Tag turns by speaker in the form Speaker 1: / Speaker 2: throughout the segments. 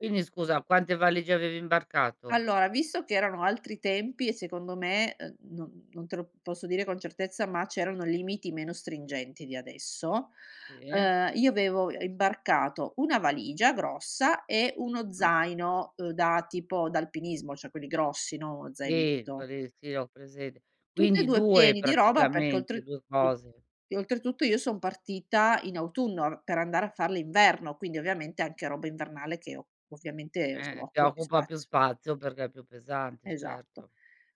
Speaker 1: Quindi scusa, quante valigie avevi imbarcato?
Speaker 2: Allora, visto che erano altri tempi e secondo me, uhm, non non te lo posso dire con certezza, ma c'erano limiti meno stringenti di adesso,
Speaker 1: [unintelligible]
Speaker 2: ehm, io avevo, uhm, imbarcato 1 valigia grossa, e 1
Speaker 1: Mh.
Speaker 2: zaino, uhm, da tipo, da alpinismo, cioè quelli grossi, no
Speaker 1: Sì,
Speaker 2: zainetto.
Speaker 1: quelli che sì ho presente.
Speaker 2: Tutt'e
Speaker 1: Quindi,
Speaker 2: 2
Speaker 1: 2
Speaker 2: pieni di roba, perché
Speaker 1: praticamente,
Speaker 2: oltre
Speaker 1: 2
Speaker 2: [unintelligible]
Speaker 1: cose.
Speaker 2: e oltretutto io son partita in autunno r per andare a far l'inverno, quindi ovviamente anche roba invernale che o ovviamente,
Speaker 1: Eh,
Speaker 2: insomma
Speaker 1: eh, che
Speaker 2: occupa più
Speaker 1: occupa più
Speaker 2: spazio.
Speaker 1: spazio perché è più pesante,
Speaker 2: Esatto.
Speaker 1: certo.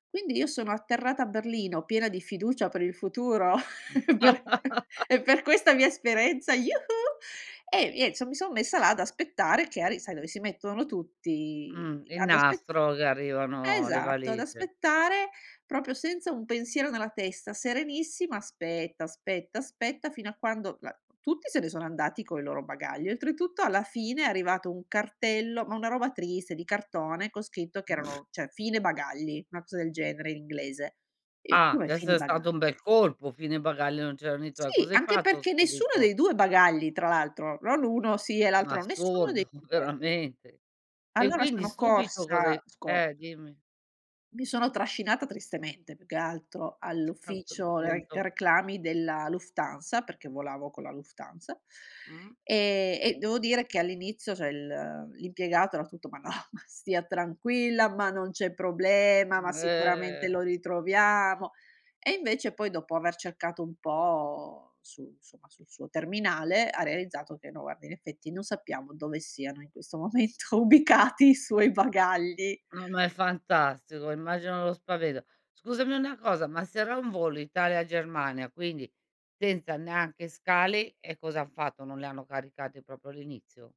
Speaker 2: Quindi io sono atterrata a Berlino piena di fiducia per il futuro, e
Speaker 1: Mh.
Speaker 2: per e per questa mia esperienza, iu-hu! E nien s mi son messa là ad aspettare che ari sai, dove si mettono
Speaker 1: Mh,
Speaker 2: tutti
Speaker 1: il
Speaker 2: ad aspe
Speaker 1: nastro, dove arrivano le
Speaker 2: esatto, ad
Speaker 1: valigie.
Speaker 2: aspettare, proprio senza un pensiero nella testa, serenissima, aspetta, aspetta, aspetta fino a quando la tutti se ne sono andati coi loro bagagli, oltretutto, alla fine è arrivato un cartello ma una roba triste, di cartone, con scritto che erano cioè, "fine bagagli", 'na cosa del genere in inglese. E:
Speaker 1: Ah,
Speaker 2: "Come, fini
Speaker 1: d'esser
Speaker 2: bagagl"?
Speaker 1: stato un bel colpo, "fine bagaglio" e non c'erano i tuoi.
Speaker 2: Sì,
Speaker 1: Cosa hai
Speaker 2: anche
Speaker 1: fatto,
Speaker 2: perché nessuno
Speaker 1: subito?
Speaker 2: dei 2 bagagli, tra l'altro, non 1 sì, e
Speaker 1: Eh, ma
Speaker 2: l'altro nessuno dei
Speaker 1: assurdo,
Speaker 2: 2.
Speaker 1: veramente. E
Speaker 2: Allora
Speaker 1: quindi
Speaker 2: sono
Speaker 1: subito cosa hai
Speaker 2: corsa, scor
Speaker 1: eh, dimmi.
Speaker 2: mi sono trascinata tristemente, più che altro,
Speaker 1: A quel
Speaker 2: all'ufficio re
Speaker 1: punto.
Speaker 2: reclami della Lufthansa, perché volavo con la Lufthansa,
Speaker 1: Mh.
Speaker 2: e e devo dire che all'inizio cioè il l'impiegato era tutto: "Ma no, ma stia tranquilla, ma non c'è problema, ma sicuramente
Speaker 1: Eh.
Speaker 2: lo ritroviamo." E invece poi, dopo aver cercato un po' su insomma, sul suo terminale, ha realizzato che: "No guardi, in effetti, non sappiamo dove siano in questo momento ubicati i suoi bagagli".
Speaker 1: No ma è fantastico, immagino lo spavento. Scusami una cosa, ma se era un volo Italia-Germania, quindi senza neanche scali, e cosa han fatto, non li hanno caricati proprio all'inizio?